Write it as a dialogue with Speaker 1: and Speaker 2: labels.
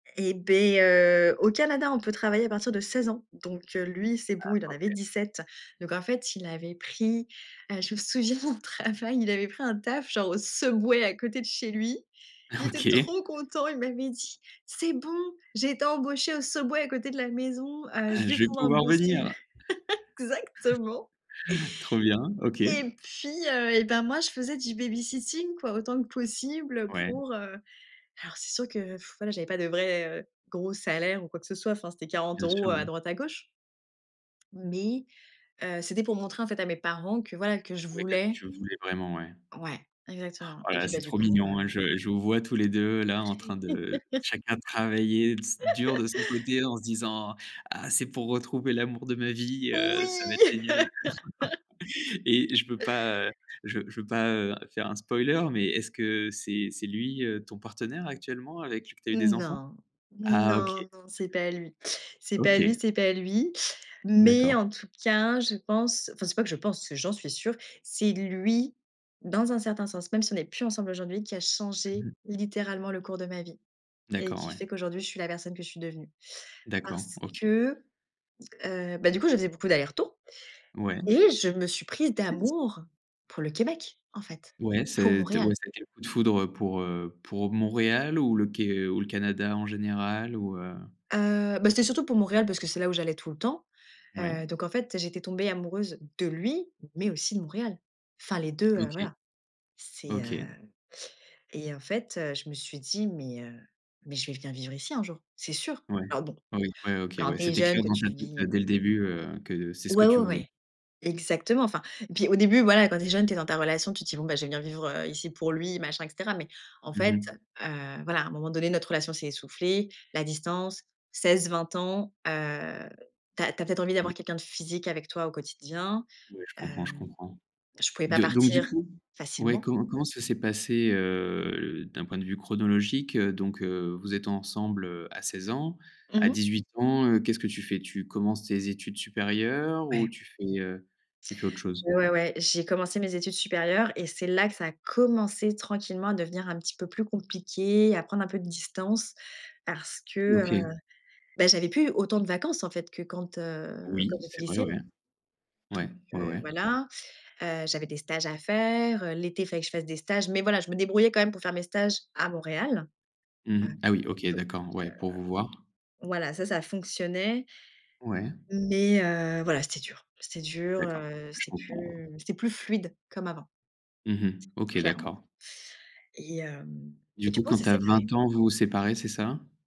Speaker 1: Et beh, heu, au Canada, on peut travailler à partir de 16 ans. Donc, heu, lui, c'est bon, il en
Speaker 2: Heu,
Speaker 1: avait
Speaker 2: OK.
Speaker 1: 17. Donc en fait, il avait pris, heu, je me souviens au travail, il avait pris un taf, genre au Subway à côté de chez lui. Il était
Speaker 2: OK.
Speaker 1: trop content, il m'avait dit: «C'est bon, j'ai été embauché au Subway à côté de la maison, heu, je vais
Speaker 2: «Je vais
Speaker 1: pouvoir
Speaker 2: pouvoir
Speaker 1: bosser».
Speaker 2: venir!»
Speaker 1: Exactement!
Speaker 2: Trop bien, OK.
Speaker 1: Et puis, heu, et ben, moi, je faisais du baby-sitting, quoi, autant que possible
Speaker 2: Ouais.
Speaker 1: pour heu, alors c'est sûr que, voilà j'avais pas de vrai, heu, gros salaire ou quoi que ce soit. Enfin, c'était quarante
Speaker 2: Bien
Speaker 1: euros
Speaker 2: sûr,
Speaker 1: à
Speaker 2: oui.
Speaker 1: droite à gauche mais, heu, c'était pour montrer, en fait, à mes parents que, voilà, que je
Speaker 2: Ouais, que
Speaker 1: voulais.
Speaker 2: tu le voulais vraiment, ouais.
Speaker 1: Ouais, exactement.
Speaker 2: Oh
Speaker 1: Et
Speaker 2: là là,
Speaker 1: puis, bah,
Speaker 2: c'est
Speaker 1: du
Speaker 2: trop
Speaker 1: coup,
Speaker 2: mignon,
Speaker 1: heu
Speaker 2: je je vous vois tous les 2, là, en train de chacun travailler s dur de son côté en se disant: «Ah, c'est pour retrouver l'amour de ma vie, heu, ça va être
Speaker 1: Oui!
Speaker 2: génial» et je veux pas, heu, je veux je veux pas, heu, faire un spoiler, mais est-ce que c'est c'est lui, heu, ton partenaire actuellement avec qui tu as eu des enfants?
Speaker 1: Non.
Speaker 2: Ah OK.
Speaker 1: Non, non, c'est pas lui. C'est pas lui,
Speaker 2: OK.
Speaker 1: c'est pas lui. Mais
Speaker 2: D'accord.
Speaker 1: en tout cas, je pense, enfin, c'est pas que je pense, c'est j'en suis sûre, c'est lui, dans un certain sens, même si on n'est plus ensemble aujourd'hui, qui a
Speaker 2: Mmh
Speaker 1: changé
Speaker 2: mh.
Speaker 1: littéralement le cours de ma vie et
Speaker 2: D'accord,
Speaker 1: qui
Speaker 2: ouais.
Speaker 1: fait qu'aujourd'hui, je suis la personne que je suis devenue,
Speaker 2: D'accord.
Speaker 1: parce
Speaker 2: OK.
Speaker 1: que, heu, bah, du coup, je faisais beaucoup d'aller-retours
Speaker 2: Ouais.
Speaker 1: et je me suis prise
Speaker 2: Tu sais si
Speaker 1: d'amour pour le Québec, en fait,
Speaker 2: Ouais, ça a
Speaker 1: pour
Speaker 2: été
Speaker 1: Montréal.
Speaker 2: ouais, ça a été le coup de foudre pour, heu, pour Montréal ou le Qué ou le Canada en général? Ou, heu
Speaker 1: Heu, bah, c'était surtout pour Montréal parce que c'est là où j'allais tout le temps.
Speaker 2: Ouais.
Speaker 1: Heu, donc, en fait, j'étais tombée amoureuse de lui, mais aussi de Montréal. Enfin les 2, heu,
Speaker 2: OK.
Speaker 1: voilà. C'est, heu
Speaker 2: OK.
Speaker 1: et en fait, je me suis dit: «Mais, heu, mais je vais venir vivre ici un jour, c'est sûr».
Speaker 2: Ouais.
Speaker 1: Alors bon,
Speaker 2: Oui ouais, OK,
Speaker 1: quand
Speaker 2: ouais.
Speaker 1: tu es
Speaker 2: C'était
Speaker 1: jeune,
Speaker 2: clair
Speaker 1: que
Speaker 2: dans ta
Speaker 1: tu
Speaker 2: tête,
Speaker 1: vis,
Speaker 2: heu,
Speaker 1: mmh
Speaker 2: dès le début, heu, que c'est ce que
Speaker 1: Ouais, ouais,
Speaker 2: tu voulais.
Speaker 1: ouais, exactement. Enfin et puis au début, voilà, quand tu es jeune, tu es dans ta relation, tu te dis: «Bon, je vais venir vivre, heu, ici pour lui», machin et cetera. Mais en
Speaker 2: Mmh
Speaker 1: fait,
Speaker 2: mh.
Speaker 1: heu, voilà, à un moment donné, notre relation s'est essoufflée, la distance, 16-20 ans. Heu, tu as tu as peut-être envie d'avoir
Speaker 2: Ouais.
Speaker 1: quelqu'un de physique avec toi au quotidien,
Speaker 2: Ouais, je comprends, je
Speaker 1: hem,
Speaker 2: comprends.
Speaker 1: je pouvais pas
Speaker 2: Do donc du
Speaker 1: partir
Speaker 2: coup, ouais,
Speaker 1: facilement.
Speaker 2: co comment ça s'est passé, heu, d'un point de vue chronologique, heu, donc, heu, vous êtes ensemble, heu, à 16 ans,
Speaker 1: Mmh
Speaker 2: à
Speaker 1: mh.
Speaker 2: 18 ans, heu, qu'est-ce que tu fais? Tu commences tes études supérieures ou
Speaker 1: Ouais.
Speaker 2: tu fais, heu, tu fais autre chose?
Speaker 1: Ouais, ouais, j'ai commencé mes études supérieures et c'est là que ça a commencé tranquillement à devenir un petit peu plus compliqué, à prendre un peu de distance parce que, heu,
Speaker 2: OK.
Speaker 1: bah, j'avais plus autant de vacances, en fait, que quand, heu, quand
Speaker 2: Oui,
Speaker 1: j'étais
Speaker 2: c'est vrai, ouais.
Speaker 1: lycéenne. Donc,
Speaker 2: Ouais, ouais,
Speaker 1: heu,
Speaker 2: ouais.
Speaker 1: voilà, heu, j'avais des stages à faire. L'été, il fallait que je fasse des stages, mais voilà, je me débrouillais quand même pour faire mes stages à Montréal, heu,
Speaker 2: Mmh. Ah oui OK,
Speaker 1: donc,
Speaker 2: d'accord,
Speaker 1: heu,
Speaker 2: ouais, pour vous voir.
Speaker 1: voilà, ça, ça fonctionnait
Speaker 2: Ouais.
Speaker 1: mais, heu, voilà, c'était dur. C'était dur,
Speaker 2: D'accord.
Speaker 1: heu,
Speaker 2: Je
Speaker 1: c'était
Speaker 2: comprends.
Speaker 1: plus c'était plus fluide comme avant,
Speaker 2: Mmh mh. OK
Speaker 1: clairement
Speaker 2: d'accord.
Speaker 1: et hem
Speaker 2: Du
Speaker 1: et du
Speaker 2: coup,
Speaker 1: coup, on
Speaker 2: quand
Speaker 1: s'est
Speaker 2: tu as
Speaker 1: séparé.
Speaker 2: 20 ans vous vous séparez, c'est ça?